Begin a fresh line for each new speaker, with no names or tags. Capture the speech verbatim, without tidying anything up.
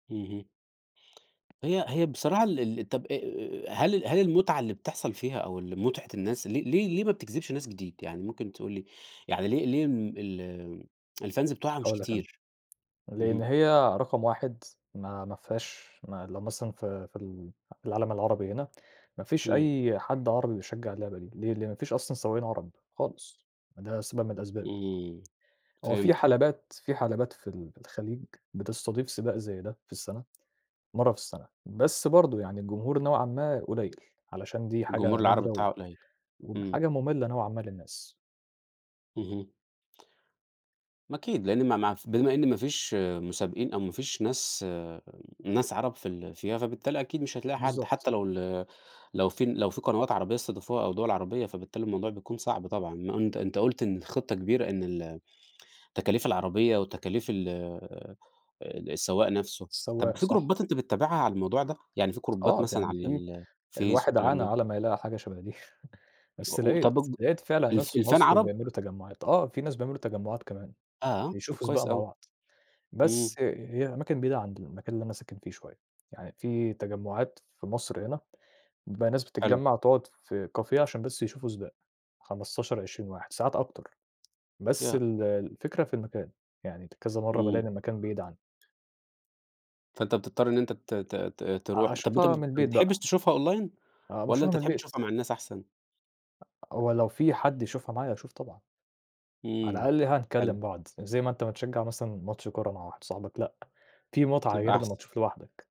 اهم. هي هي بصراحة ال ال طَب أ أ أ هل هل المتعة اللي بتحصل فيها أو ال متعة الناس ليه ليه ليه ما بتجذبش ناس جديد؟ يعني ممكن تقول لي، يعني ليه ليه الم ال الFans بتوعها مش
هاقول لك أنا،
كتير؟
لإن
اهم.
هي رقم واحد ما ما فيهاش ما لو مثلًا في في ال في العالم العربي هنا، ما فيش
إمم.
أي حد عربي بيشجع اللعبة دي، ليه؟ لإن ما فيش أصلًا سواقين عرب خالص، ده سبب من الأسباب.
إمم،
هو في
فهمت.
حلبات في حلبات في ال في الخليج بتستضيف سباق زي ده في السنة، مَرّة في السنة، بس برضه يعني الجمهور نوعًا ما قليّل، علشان دي
الجمهور
حاجة
العربي
نادرة و
بتاعها قليّل، إمم.
وحاجة مملة نوعًا ما للناس.
اهم. ما أكيد لإن ما ما ف بما إن ما فيش مسابقين، أو ما فيش ناس ناس عرب في ال فيها، فبالتالي أكيد مش هتلاقي حد،
بالضبط.
حتّى لو ال لو في لو في قنوات عربية استضافوها أو دوَل عربية، فبالتالي الموضوع بيكون صعب طبعًا، ما أنت أنت قُلت إن الخطة كبيرة إن ال تكاليف العربية وتكاليف ال السواق نفْسه، طَب
السواق
في
صح.
جروبات أنت بتتابعها على الموضوع ده؟ يعني في جروبات
آه ف
مثلًا
يعني
على
في،
الفيس
الواحد
والكلام
عانى
ده؟
على ما يلاقي حاجة شبه دي،
و
بس
و طب
لقيت،
اج
لقيت فعلًا
الف
ناس في
الFan
مصر
عرب؟
وبيعملوا تجمُّعات، آه في ناس بيعملوا تجمُّعات كمان،
آه! طَب
يشوفوا سباق
كويس
مع
أوي.
بعض، بس
إمم.
هي أماكن بعيدة عند المكان اللي أنا ساكن فيه شوية، يعني في تجمُّعات في مصر هنا، بيبقى ناس
حلو.
بتتجمّع تقعد في Cafe عشان بس يشوفوا سباق، خمستاشر، عشرين واحد، ساعات أكتر، بس
ياه!
ال الفكرة في المكان، يعني ت كذا مَرّة بالاقي
إمم.
إن المكان بعيد عنّي.
فأنت بتضطر إن أنت ت ت ت
آه
تروح، طَب أنت م
أشوفها من
ما
البيت
بتحبش
بقى.
تشوفها Online،
آه
والّا
باشوفها
أنت
من
تحب
البيت.
تشوفها مع الناس أحسن؟
هو لو في حد يشوفها معايا اشوف طبعًا. على
إمم،
الأقل
حلو.
هنكلّم بعض، زي ما أنت بتشجّع مثلًا ماتش كورة مع واحد صاحبك لأ، في متعة
تبقى
غير
أحسن.
لمّا تشوف لوحدك.